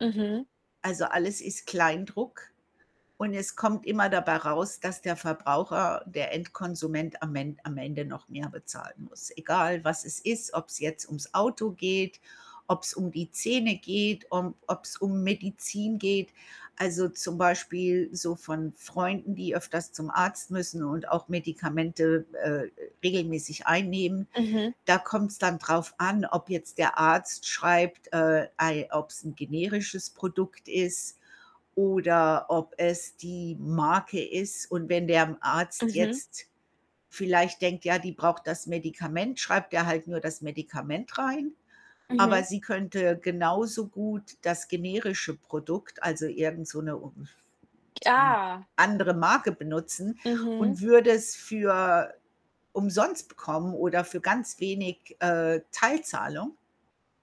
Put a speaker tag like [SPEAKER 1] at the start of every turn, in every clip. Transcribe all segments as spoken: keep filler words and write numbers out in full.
[SPEAKER 1] Mhm.
[SPEAKER 2] Also, alles ist Kleindruck und es kommt immer dabei raus, dass der Verbraucher, der Endkonsument am En am Ende noch mehr bezahlen muss, egal was es ist, ob's jetzt ums Auto geht, ob's um die Zähne geht, um ob's um Medizin geht. Also, zum Beispiel so von Freunden, die öfters zum Arzt müssen und auch Medikamente, äh, regelmäßig einnehmen.
[SPEAKER 1] Mhm.
[SPEAKER 2] Da kommt's dann drauf an, ob jetzt der Arzt schreibt, äh, ei ob's 'n generisches Produkt ist oder ob es die Marke ist. Und wenn der Arzt
[SPEAKER 1] Mhm.
[SPEAKER 2] jetzt vielleicht denkt, ja, die braucht das Medikament, schreibt er halt nur das Medikament rein. Aber
[SPEAKER 1] Mhm.
[SPEAKER 2] sie könnte genauso gut das generische Produkt also, irgend so 'ne [unintelligible] hm,
[SPEAKER 1] Ah.
[SPEAKER 2] andere Marke benutzen
[SPEAKER 1] Mhm.
[SPEAKER 2] und würde es für umsonst bekommen oder für ganz wenig, äh Teilzahlung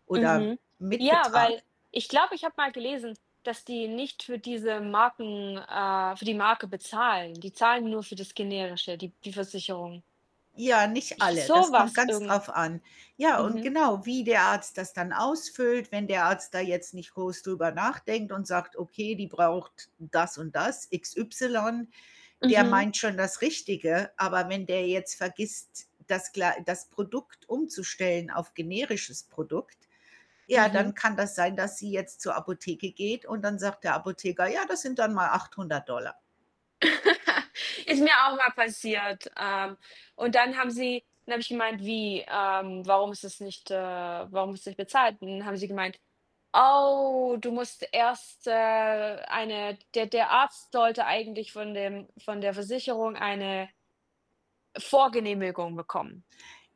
[SPEAKER 2] oder
[SPEAKER 1] Mhm.
[SPEAKER 2] mit
[SPEAKER 1] Ja, weil
[SPEAKER 2] Betrag.
[SPEAKER 1] ich glaube, ich habe mal gelesen, dass die nicht für diese Marken, äh für die Marke bezahlen. Die zahlen nur für das Generische, die die Versicherung.
[SPEAKER 2] Ja, nicht
[SPEAKER 1] Ich
[SPEAKER 2] alle, das kommt
[SPEAKER 1] sowas
[SPEAKER 2] ganz
[SPEAKER 1] irgend
[SPEAKER 2] drauf an. Ja und
[SPEAKER 1] mhm.
[SPEAKER 2] genau, wie der Arzt das dann ausfüllt, wenn der Arzt da jetzt nicht groß drüber nachdenkt und sagt, okay, die braucht das und das x y, der
[SPEAKER 1] Mhm.
[SPEAKER 2] meint schon das Richtige. Aber wenn der jetzt vergisst, das glei das Produkt umzustellen auf generisches Produkt, ja,
[SPEAKER 1] Mhm.
[SPEAKER 2] dann kann das sein, dass sie jetzt zur Apotheke geht und dann sagt der Apotheker: „Ja, das sind dann mal achthundert Dollar.“
[SPEAKER 1] Ist mir auch mal passiert. Ähm, und dann haben sie dann habe ich gemeint: „Wie? Ähm, warum ist das nicht, äh warum ist das nicht bezahlt?“ Und dann haben sie gemeint: „Oh, du musst erst, äh, eine der der Arzt sollte eigentlich von dem von der Versicherung eine“ „Vorgenehmigung bekommen.“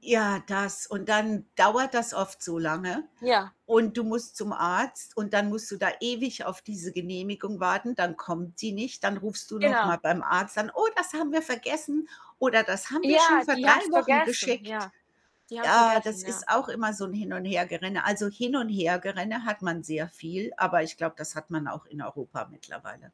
[SPEAKER 2] Ja, das und dann dauert das oft so lange
[SPEAKER 1] Ja.
[SPEAKER 2] und du musst zum Arzt und dann musst du da ewig auf diese Genehmigung warten, dann kommt sie nicht, dann rufst du noch
[SPEAKER 1] Genau.
[SPEAKER 2] mal beim Arzt an, „Oh, das haben wir vergessen oder das haben wir schon
[SPEAKER 1] Ja,
[SPEAKER 2] vor
[SPEAKER 1] die
[SPEAKER 2] drei
[SPEAKER 1] haben's
[SPEAKER 2] Wochen
[SPEAKER 1] vergessen.
[SPEAKER 2] geschickt.“
[SPEAKER 1] Ja. Die haben's
[SPEAKER 2] Ah,
[SPEAKER 1] vergessen,
[SPEAKER 2] das
[SPEAKER 1] ja.
[SPEAKER 2] ist auch immer so 'n Hin und Hergerenne. Also, Hin und Hergerenne hat man sehr viel, aber ich glaube, das hat man auch in Europa mittlerweile.